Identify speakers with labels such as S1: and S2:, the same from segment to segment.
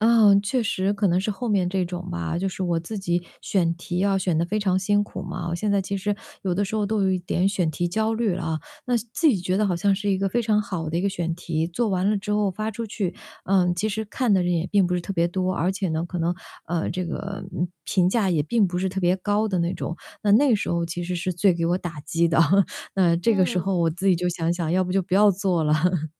S1: 啊，确实可能是后面这种吧，就是我自己选题要选得非常辛苦嘛。我现在其实 有的时候都有一点选题焦虑啊。那自己觉得好像是一个非常好的一个选题，做完了之后发出去，嗯，其实看的人也并不是特别多。而且呢，可能啊，这个，嗯，评价也并不是特别高的那种。那那个时候其实是最给我打击的，那这个时
S2: 嗯。
S1: 候我自己就想想要不就不要做了。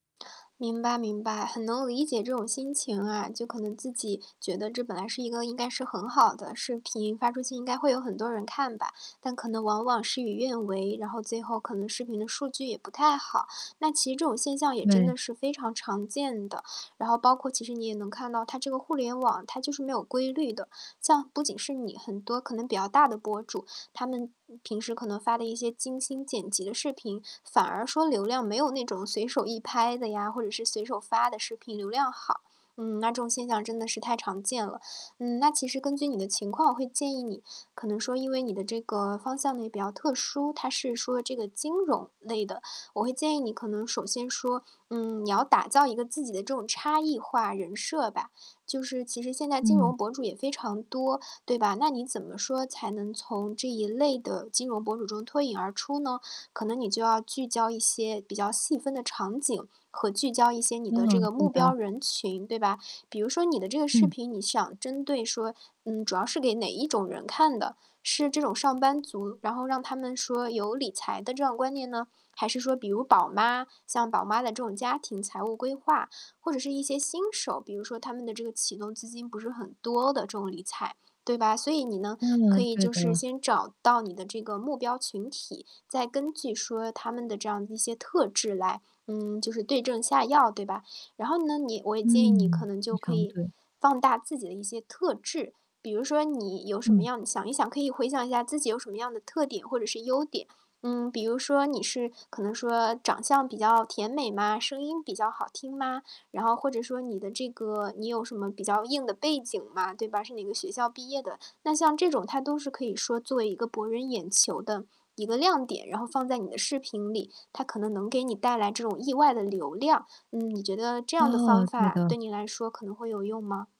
S2: 明白明白，很能理解这种心情啊。就可能自己觉得这本来是一个应该是很好的视频，发出去应该会有很多人看吧。但可能往往事与愿违，然后最后可能视频的数据也不太好。那其实这种现象也真
S1: 对。
S2: 的是非常常见的，然后包括其实你也能看到它这个互联网它就是没有规律的。像不仅是你，很多可能比较大的博主，他们平时可能发的一些精心剪辑的视频，反而说流量没有那种随手一拍的呀，或者是随手发的视频流量好。嗯，那这种现象真的是太常见了。嗯，那其实根据你的情况，我会建议你可能说因为你的这个方向呢，也比较特殊，它是说这个金融类的，我会建议你可能首先说，嗯，你要打造一个自己的这种差异化人设吧。就是其实现在金
S1: 嗯。
S2: 融博主也非常多，对吧？那你怎么说才能从这一类的金融博主中脱颖而出呢？可能你就要聚焦一些比较细分的场景，和聚焦一些你的这
S1: 嗯，
S2: 个
S1: 对
S2: 目
S1: 的。
S2: 标人群，对吧？比如说你的这个视
S1: 嗯。
S2: 频，你想针对说嗯，主要是给哪一种人看的，是这种上班族，然后让他们说有理财的这样观念呢？还是说比如宝妈像宝妈的这种家庭财务规划，或者是一些新手，比如说他们的这个启动资金不是很多的，这种理财，对吧？所以你呢，可
S1: 嗯，
S2: 以
S1: 对
S2: 就是
S1: 的。
S2: 先找到你的这个目标群体，再根据说他们的这样一些特质来，嗯，就是对症下药，对吧？然后呢，你我也建议你可
S1: 嗯，
S2: 能
S1: 非
S2: 就可
S1: 常
S2: 以
S1: 对。
S2: 放大自己的一些特质。比如说你有什么
S1: 嗯。
S2: 样你想一想可以回想一下自己有什么样的特点或者是优点。嗯，比如说你是可能说长相比较甜美吗？声音比较好听吗？然后或者说你的这个你有什么比较硬的背景吗？对吧，是哪个学校毕业的。那像这种它都是可以说作为一个博人眼球的一个亮点，然后放在你的视频里，它可能能给你带来这种意外的流量。嗯，你觉得这样的
S1: 哦，
S2: 方
S1: 对
S2: 法
S1: 的。
S2: 对你来说可能会有用吗？